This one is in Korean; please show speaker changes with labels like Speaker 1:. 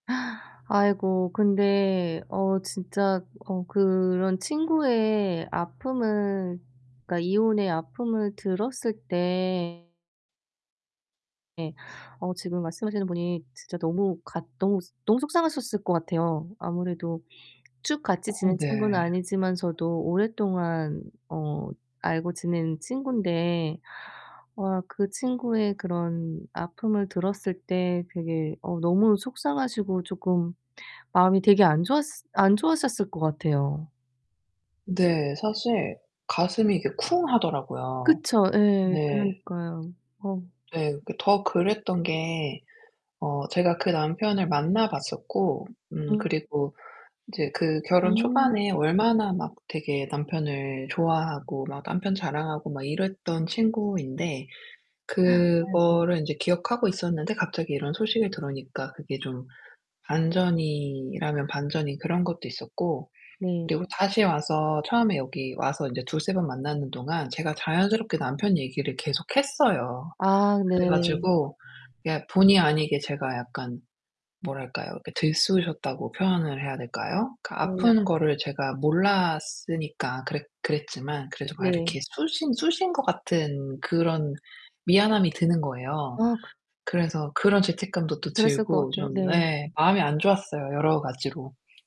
Speaker 1: 아이고 근데 어 진짜 어 그런 친구의 아픔을 그러니까 이혼의 아픔을 들었을 때 예. 어 지금 말씀하시는 분이 진짜 너무 같 너무, 너무 속상하셨을 것 같아요. 아무래도 쭉 같이
Speaker 2: 어.
Speaker 1: 지낸 친구는
Speaker 2: 네.
Speaker 1: 아니지만서도 오랫동안 어 알고 지낸 친구인데 어 그 친구의 그런 아픔을 들었을 때 되게 어 너무 속상하시고 쪼끔 마음이 되게 안 좋았을 안 좋았었을 것 같아요.
Speaker 2: 네. 사실 가슴이 이게 쿵 하더라고요.
Speaker 1: 그쵸. 예.
Speaker 2: 네.
Speaker 1: 그러니까요. 어.
Speaker 2: 네. 그 더 그랬던 게 어 제가 그 남편을 만나 봤었고 음
Speaker 1: 음.
Speaker 2: 그리고 이제 그 결혼
Speaker 1: 음.
Speaker 2: 초반에 얼마나 막 되게 남편을 좋아하고 막 남편 자랑하고 막 이랬던 친구인데
Speaker 1: 아이고.
Speaker 2: 그거를 인제 기억하고 있었는데 갑자기 이런 소식이 들어오니까 그게 좀 반전이라면 반전인 그런 것도 있었고,
Speaker 1: 네.
Speaker 2: 그리고 다시 와서 처음에 여기 와서 이제 2-3 번 만나는 동안 제가 자연스럽게 남편 얘기를 계속 했어요.
Speaker 1: 아 네.
Speaker 2: 그래 가지고 이게 본의 아니게 제가 약간 뭐랄까요. 이렇게 들쑤셨다고 표현을 해야 될까요? 그
Speaker 1: 어머나.
Speaker 2: 아픈 거를 제가 몰랐으니까 그랬 그랬지만 그래도 막
Speaker 1: 네.
Speaker 2: 이렇게 쑤신 쑤신 것 같은 그런 미안함이 드는 거예요.
Speaker 1: 아.
Speaker 2: 그래서 그런 죄책감도 또
Speaker 1: 그랬을 것
Speaker 2: 들고
Speaker 1: 같아요.
Speaker 2: 좀 네
Speaker 1: 네.
Speaker 2: 마음이 안 좋았어요, 여러 가지로.